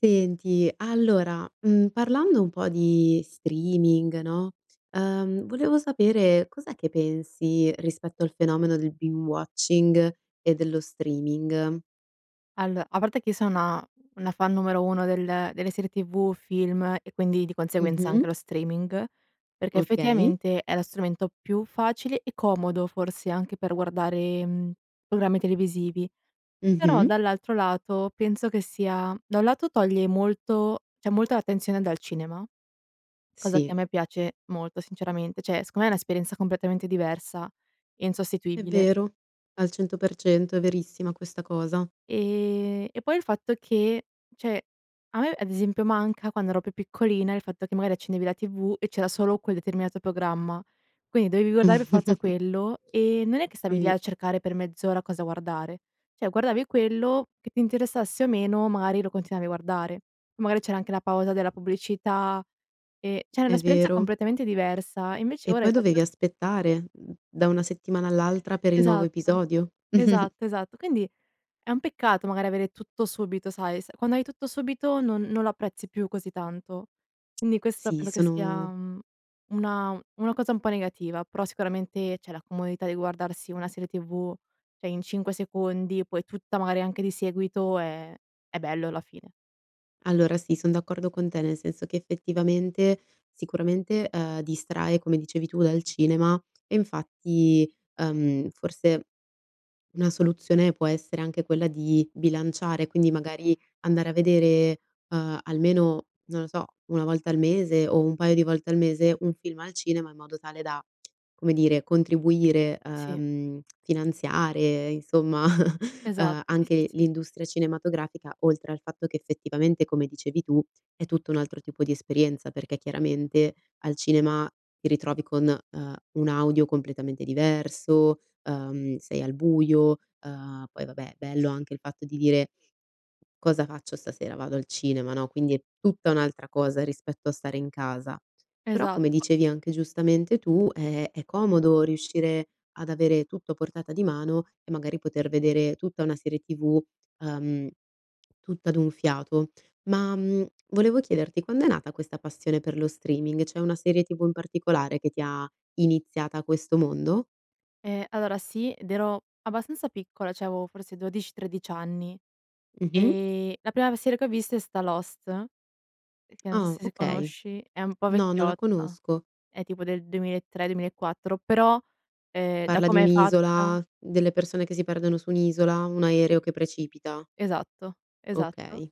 Senti allora, uhm, parlando un po' di streaming no, ehm, volevo sapere: cos'è che pensi rispetto al fenomeno del binge-watching e dello streaming? Allo a parte che io sono una fan numero uno del delle serie tv, film e quindi di conseguenza anche Mh-mh. lo streaming, perché Okay. effettivamente è lo strumento più facile e comodo forse anche per guardare, mhmm, programmi televisivi; però Mh-mh. dall'altro lato penso che sia da un lato toglie molto, cioè, molta attenzione dal cinema, cosa Sì. che a me piace molto sinceramente. Cioè secondo me è un'esperienza completamente diversa e E' insostituibile. vero. Al 100% è verissima questa cosa. Ehm, e poi il fatto che cioè a me ad esempio manca quando ero più piccolina, il fatto che magari accendevi la tv e c'era solo quel determinato programma, quindi dovevi guardare per forza quello. E non è che stavi lì Sì. a cercare per mezz'ora cosa guardare. Cioè guardavi quello, che ti interessasse o meno magari lo continuavi a guardare. Magari c'era anche la pausa della pubblicità, ehm, cioè era È un'esperienza vero. completamente diversa. Invece E ora poi il fatto dovevi aspettare, mhmm, da una settimana all'altra per il nuovo Esatto, episodio. esatto, esatto quindi è un peccato magari avere tutto subito sai, s quando hai tutto subito non non lo apprezzi più così tanto. Quindi questo Sì, penso che sia, sono uhm, una una cosa un po' negativa. Però sicuramente cioè la comodità di guardarsi una serie tv, cioè in 5 secondi poi tutta, magari anche di seguito, ehm, è bello alla fine. Allora sì, son d'accordo con te nel senso che, effettivamente, sicuramente, ehm, distrae, come dicevi tu, dal cinema e infatti, ehm, forse una soluzione può essere anche quella di bilanciare, quindi magari andare a vedere, ehm, almeno, non lo so, 1 volta al mese o un paio di volte al mese, un film al cinema in modo tale da, come dire, contribuire, Sì. ehm, finanziare, insomma, Esatto, sì, sì, anche sì. l'industria cinematografica oltre al fatto che effettivamente, come dicevi tu, è tutto un altro tipo di esperienza perché, chiaramente, al cinema ti ritrovi con, ehm, un audio completamente diverso, ehm, sei al buio. Uhm, poi vabbè, bello anche il fatto di dire: "Cosa faccio stasera? Vado al cinema, no", quindi è tutta un'altra cosa rispetto a stare in casa. Però come Esatto po dicevi anche giustamente tu, eh è comodo riuscire ad avere tutto a portata di mano e magari poter vedere tutta una serie tv, ehm, tutta d'un fiato. Ma, mhmm, volevo chiederti: quando è nata questa passione per lo streaming? C'è una serie tv in particolare che ti ha iniziata a questo mondo? Ehm, allora sì, ed ero abbastanza piccola, cioè avevo forse 12, 13 anni. Mh-mh. E la prima serie che ho visto, è stata Lost, che non so Oh, se si okay, conosci, è un po' no, non la vecchiotta, conosco. è tipo del 2003, 2004 però, ehm, da Parla di come è fatta un'isola, delle persone che si perdono su un'isola, un Si. aereo che precipita? Esatto, esatto. Okay.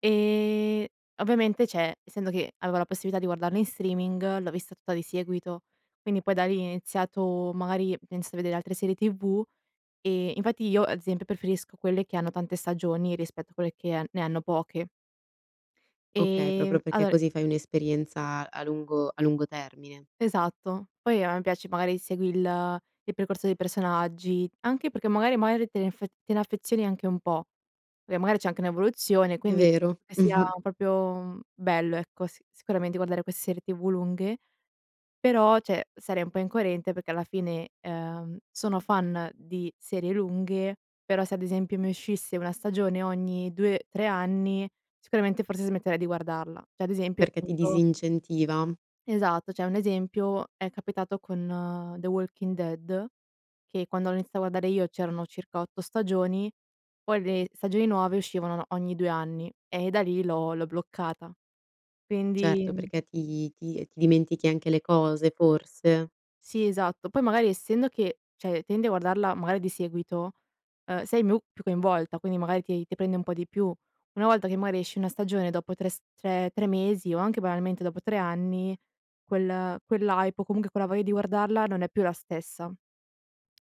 E ovviamente, cioè essendo che avevo la possibilità di guardarlo in streaming, l'ho vista tutta di seguito. Quindi poi da lì, ho iniziato, magari, penso di vedere altre serie TV, e infatti io ad esempio preferisco quelle che hanno tante stagioni, rispetto a quelle che ne hanno poche. Okay, proprio Ehm, perché allora così fai un'esperienza a lungo a lungo termine? Esatto, poi a me piace magari: segui il il percorso dei personaggi, anche perché magari magari te ne te ne affezioni anche un po', e magari c'è anche un'evoluzione È quindi vero. sia proprio bello, ecco, sicuramente guardare queste serie TV lunghe, però cioè sarei un po' incoerente, perché alla fine, uhm, sono fan di serie lunghe, però se ad esempio mi uscisse 1 stagione, ogni 2, 3 anni, sicuramente forse smetterei di guardarla, cioè ad esempio Perché ti appunto disincentiva? Esatto, cioè un esempio è capitato con The Walking Dead, che quando l'ho iniziato a guardare io, c'erano circa 8 stagioni, poi le stagioni nuove uscivano ogni 2 anni e da lì l'ho l'ho bloccata. Certo, Quindi perché ti ti ti dimentichi anche le cose forse? Si esatto, poi magari essendo che cioè tendi a guardarla, magari, di seguito, uhm, sei più coinvolta, quindi magari ti ti prende un po' di più. Una volta che magari esce una stagione dopo 3 s 3- 3 mesi o anche banalmente dopo 3 anni quel quell' hype o comunque quella voglia di guardarla, non è più la stessa.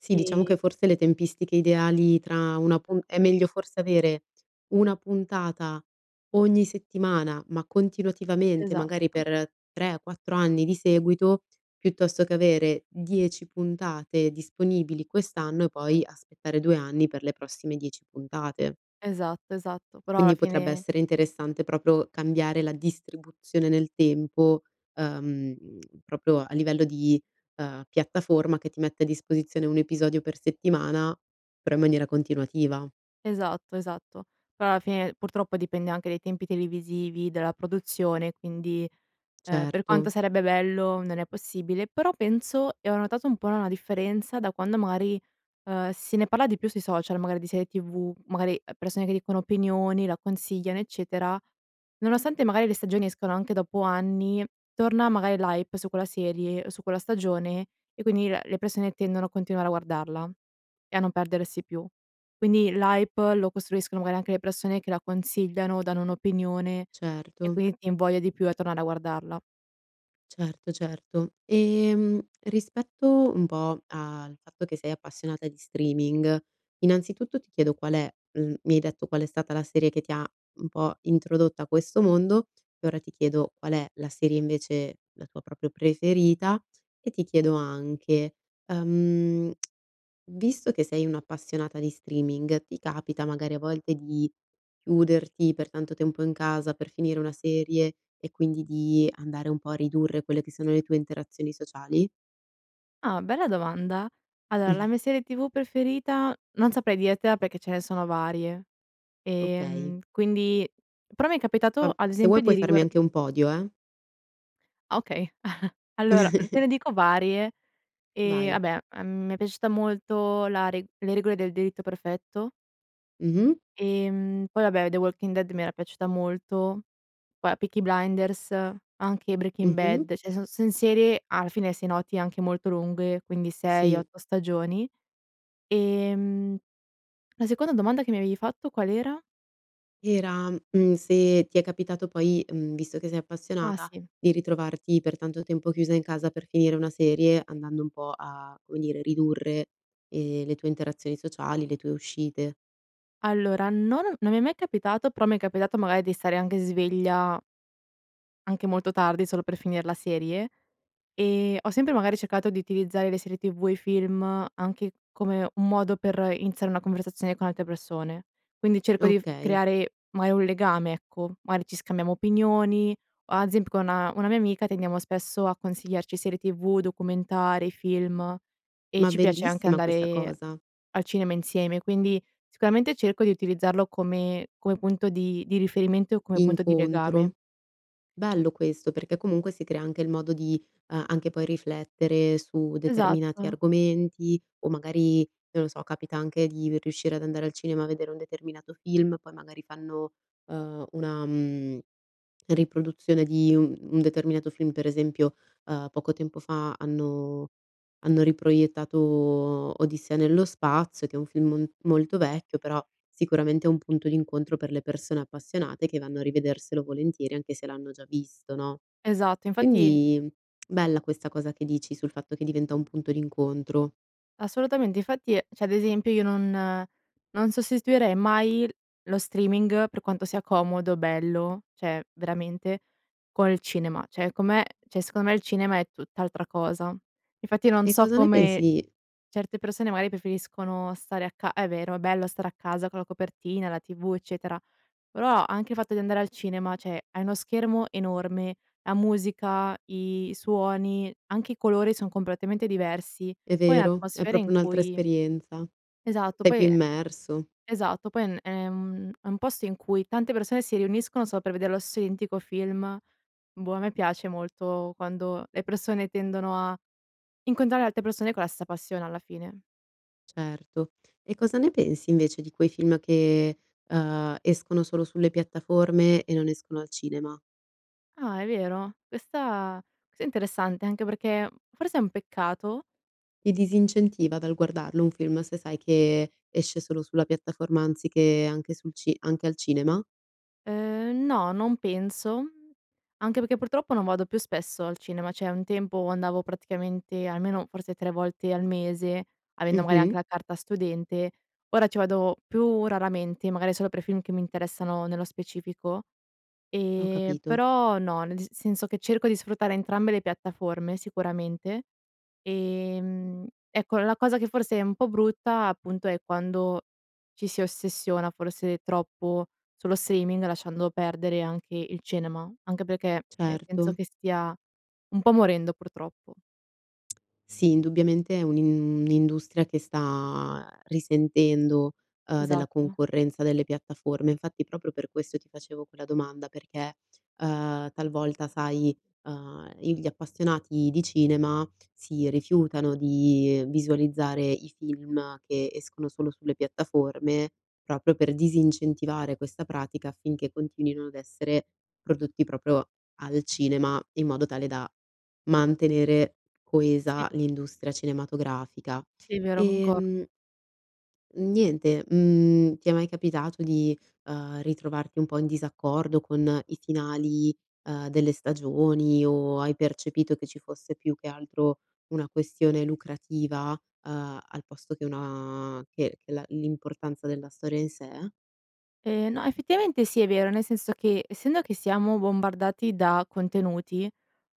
Sì, diciamo Si. che forse le tempistiche ideali tra 1 pu è meglio forse avere 1 puntata ogni settimana, ma continuativamente, magari Esatto. per 3 o 4 anni di seguito, piuttosto che avere 10 puntate disponibili quest'anno, e poi aspettare 2 anni per le prossime 10 puntate. Esatto, esatto, però alla Quindi potrebbe fine essere interessante proprio cambiare la distribuzione nel tempo, uhm, proprio a livello di, ehm, piattaforma che ti mette a disposizione 1 episodio per settimana, però in maniera continuativa. Esatto, esatto, però alla fine purtroppo dipende anche dai tempi televisivi della produzione, quindi, ehm, per quanto Certo. sarebbe bello non è possibile, però penso e ho notato un po' una differenza da quando magari, ehm, si ne parla di più sui social magari di serie tv, magari, uhm, persone che dicono opinioni, la consigliano eccetera, nonostante magari le stagioni escano anche dopo anni, torna magari l' hype su quella serie o su quella stagione e quindi la le persone tendono a continuare a guardarla e a non perdersi più, quindi l' hype lo costruiscono magari anche le persone che la consigliano, danno un'opinione e Certo. quindi ti invoglia di più a tornare a guardarla. Certo, certo, ehm, rispetto un po' al fatto che sei appassionata di streaming, innanzitutto ti chiedo qual è mhmm, mi hai detto qual è stata la serie che ti ha un po' introdotta a questo mondo e ora ti chiedo qual è la serie invece la tua proprio preferita e ti chiedo anche, ehm, visto che sei un'appassionata di streaming, ti capita magari a volte di chiuderti per tanto tempo in casa per finire una serie e quindi di andare un po' a ridurre quelle che sono le tue interazioni sociali? Ah, bella domanda! Allora, Mh. la mia serie TV preferita non saprei dirtela perché ce ne sono varie, Okay. ehm, quindi però mi è capitato, Fam ad se vuoi esempio, di puoi farmi riguar anche un podio, eh. Ah, okay. Allora, te ne dico varie: ehm, Vai. vabbè, a m mi è piaciuta molto la re le regole del delitto perfetto. Mh-mh. Ehm, poi vabbè, The Walking Dead mi era piaciuta molto. Poi, uhm, Peaky Blinders, anche Breaking Mh-mh. Bad, cioè son son serie, alla finem se noti, anche molto lunghe, quindi sei, Sì. otto stagioni, ehm, la seconda domanda che mi avevi fatto qual era? Era, mhmm, se ti è capitato poi, mhmm, visto che sei Ah, appassionata, sì. di ritrovarti per tanto tempo chiusa in casa per finire una serie andando un po' a, come dire, ridurre, ehm, le tue interazioni sociali, le tue uscite. Allora, non ho non mi è mai capitato, però mi è capitato magari di stare anche sveglia anche molto tardi, solo per finire la serie e ho sempre magari cercato di utilizzare le serie TV e i film anche come un modo per iniziare una conversazione con altre persone, quindi cerco di f Okay. creare magari un legame, ecco, magari ci scambiamo opinioni o ad esemp con una mia amica tendiamo spesso a consigliarci serie TV, documentari, film e Ma ci piace anche bellissima questa andare cosa! al cinema insieme, quindi sicuramente cerco di utilizzarlo come come punto di di riferimento e come punto di Incontro. legame. Bello questo perché, comunque, si crea anche il modo di, uhm, anche poi riflettere su determinati Esatto. argomenti o magari, non lo so, capita anche di riuscire ad andare al cinema a vedere un determinato film, poi magari fanno, ehm, una, mhmm, riproduzione di u un determinato film. Per esempio, ehm, poco tempo, fa hanno hanno riproiettato Odissea nello spazio che è un film m molto vecchio, però, sicuramente, è un punto d'incontro per le persone appassionate che vanno a rivederselo volentieri anche se l'hanno già visto, no? Esatto, infatti Quindi bella questa cosa che dici sul fatto che diventa un punto d'incontro. Assolutamente. Infatti, cioè, ad esempio, io non non sostituirei mai lo streaming per quanto sia comodo, bello, cioè veramente, col cinema, cioè come cioè, secondo me, il cinema è tutt'altra cosa. Infatti, non E so cosa ne come pensi certe persone magari preferiscono stare a ca è vero, è bello stare a casa con la copertina, la TV, eccetera, però anche il fatto di andare al cinema, cioè hai uno schermo enorme, la musica, i suoni, anche i colori son completamente diversi, È poi vero, è atmosfere proprio in un'altra cui esperienza, esatto sei più poi immerso. esatto, poi è n è un è un posto in cui tante persone si riuniscono solo per vedere lo se identico film, boh, a me piace molto quando le persone tendono a incontrare altre persone con la stessa passione alla fine. Certo. E cosa ne pensi invece di quei film che, uhm, escono solo sulle piattaforme e non escono al cinema? Ah è vero? Questa questa è interessante anche perché uhm, forse è un peccato Ti disincentiva dal guardarlo un film se sai che, esce solo sulla piattaforma anziché, anche sul ci anche al cinema? Ehm, no, non penso, anche perché purtroppo, non vado più spesso al cinema, cioè, un tempo andavo praticamente almeno, forse 3 volte al mese avendo magari Mh-mh. anche la carta studente, ora ci vado più raramente magari solo per film che mi interessano nello specifico; Ho ehm, capito. però no, nel dis senso che cerco di sfruttare entrambe le piattaforme sicuramente, ehm, ecco, la cosa che forse è un po' brutta appunto, è quando ci si ossessiona forse, troppo, sullo streaming lasciando perdere anche il cinema, anche perché, ehm, penso Certo. che stia un po' morendo purtroppo. Sì indubbiamente è un'in un'industria che sta ehm, risentendo, uhm, della Esatto. concorrenza delle piattaforme. Infatti proprio per questo ti facevo quella domanda perché, uhm, talvolta sai, uhm, i gli appassionati di cinema si rifiutano di visualizzare i film che, escono solo sulle piattaforme, proprio per disincentivare questa pratica, affinché continuino ad essere prodotti proprio al cinema, in modo tale da, mantenere Sì. coesa l'industria cinematografica, Sì vero, concordo. ehm niente, mhmm, ti è mai capitato di, uhm, ritrovarti un po' in disaccordo con i finali, uhm, delle stagioni o hai percepito che ci fosse più che altro, una questione lucrativa, uhm, al posto che una che che la l'importanza della storia in sé? Ehm, no, effettivamente sì è vero, nel senso che, essendo che siamo bombardati da contenuti,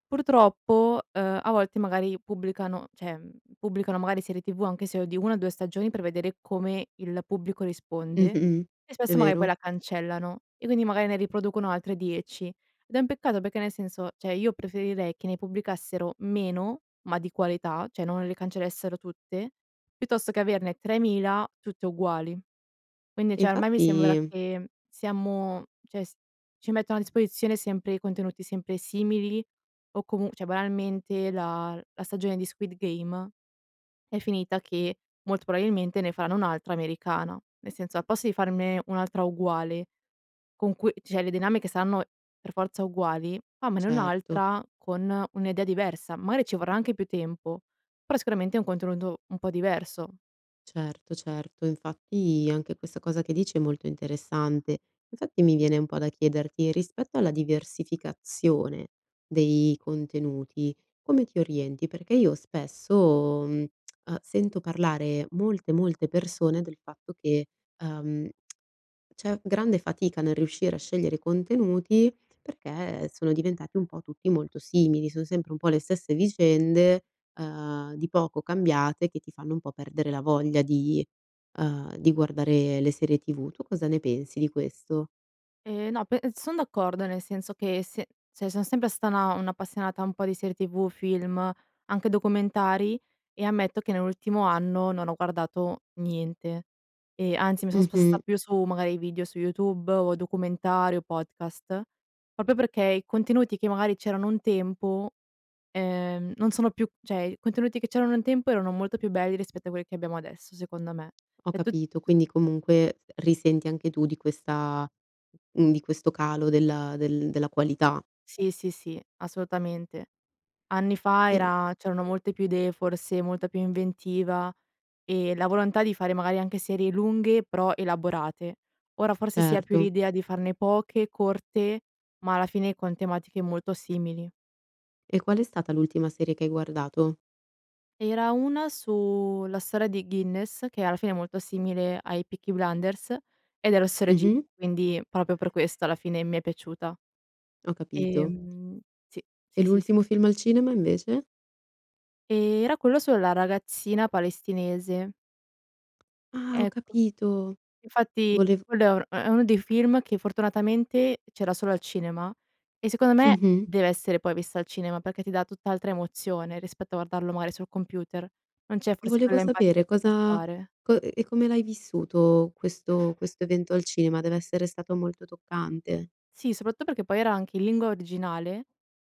purtroppo, uhm, a volte magari, pubblicano cioè, ehm, pubblicano magari serie tv anche se è di 1 o 2 stagioni per vedere come il pubblico risponde Mh-mh, e è spesso magari poi, vero. la cancellano e quindi magari, ne riproducono altre 10. Ed è un peccato perché, nel senso, cioè io preferirei che ne pubblicassero meno, ma di qualità, cioè non le cancellassero tutte, piuttosto che averne 3000 tutte uguali. Quindi E cioè, ormai mi sembra infatti che siamo cioè si ci mettono a disposizione sempre, contenuti sempre simili o comu cioè banalmente, la la stagione di Squid Game, è finita che, molto probabilmente, ne faranno un'altra americana, nel senso, al posto di farne un'altra uguale, con cui cioè le dinamiche saranno per forza uguali, fammene Certo. un'altra con un'idea diversa. Magari ci vorrà anche più tempo, però sicuramente, è un contenuto un po' diverso. Certo, certo infatti, anche questa cosa che dici è molto interessante. Infatti, mi viene un po' da chiederti, rispetto alla diversificazione, dei contenuti come ti orienti? Perché io spesso, ehm, sento parlare molte molte persone, del fatto che, ehm, c'è grande fatica, nel riuscire a scegliere contenuti, perché sono diventati un po' tutti molto simili. Son sempre un po' le stesse vicende, ehm, di poco cambiate che ti fanno un po' perdere la voglia di, ehm, di guardare le serie TV. Tu cosa ne pensi di questo? E no, pe son d'accordo, nel senso che, se cioè sono sempre stata una un'appassionata un po' di serie TV, film, anche documentari, e ammetto che nell'ultimo anno, non ho guardato niente, e anzi mi sono sposta Mh-mh. più su, magari, video su YouTube o, documentari, o podcast; proprio perché, i contenuti, che magari c'erano un tempo, ehm, non sono più cioè i contenuti che c'erano un tempo, erano molto più belli rispetto a quelli che abbiamo adesso secondo me. Ho E' tut capito, tu quindi comunque, ehm, risenti anche tu di questa mhmm, di questo calo della del della qualità. Sì, sì, sì, assolutamente, anni fa Eh era c'erano molte più idee forse, molta più inventiva, e la volontà di fare, magari, anche serie lunghe però elaborate. Ora forse si ha più Certo. l'idea di farne poche, corte ma alla fine con tematiche molto simili. E qual è stata l'ultima serie che hai guardato? Era 1 su la storia di Guinness, che alla fine è molto simile ai Peaky Blinders, ed è lo stesso regista, Mh-mh. quindi proprio per questo alla fine mi è piaciuta. Ho capito. Ehm sì, E sì, sì, s l'ultimo film al cinema invece? Ehm, era quello sulla ragazzina palestinese. Ah, ho Ecco, capito, infatti volev quello è un è uno dei film che, fortunatamente, c'era solo al cinema e, secondo me, Mh-mh. deve essere poi visto al cinema perché ti dà tutt'altra emozione, rispetto a guardarlo, mari, sul computer, non c'è forse Volevo quella sapere: empatia. cosa [unintelligible] co ehm, come l'hai vissuto questo questo evento al cinema? Deve essere stato molto toccante. Sì, soprattutto perché, poi, era anche in lingua originale,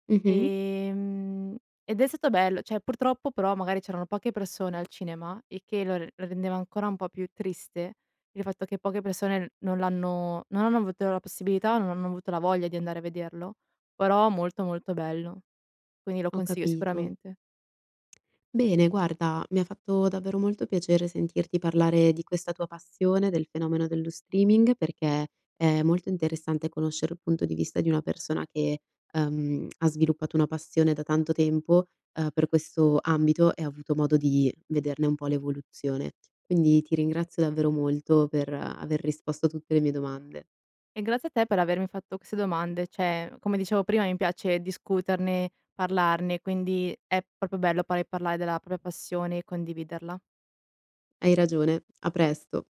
Mh-mh. ehm, ed è stato bello, cioè purtroppo, però, magari c'erano poche persone al cinema e che l lo rendeva ancora un po' più triste, il fatto che poche persone non l'hanno non hanno avuto la possibilità o non hanno avuto la voglia di andare a vederlo, però, molto, molto bello, quindi lo Ho consiglio capito. sicuramente. Bene, guarda, mi ha fatto davvero molto piacere sentirti parlare di questa tua passione, del fenomeno dello streaming perché è molto interessante conoscere il punto di vista di una persona che, ehm, ha sviluppato una passione da tanto tempo, uhm, per questo ambito e ha avuto modo di vederne un po' l'evoluzione. Quindi ti ringrazio davvero molto per aver risposto a tutte le mie domande. E grazie a te per avermi fatto queste domande. Cioè come dicevo prima, mi piace discuterne parlarne, quindi è proprio bello pa parlare della propria passione e condividerla. Hai ragione, a presto!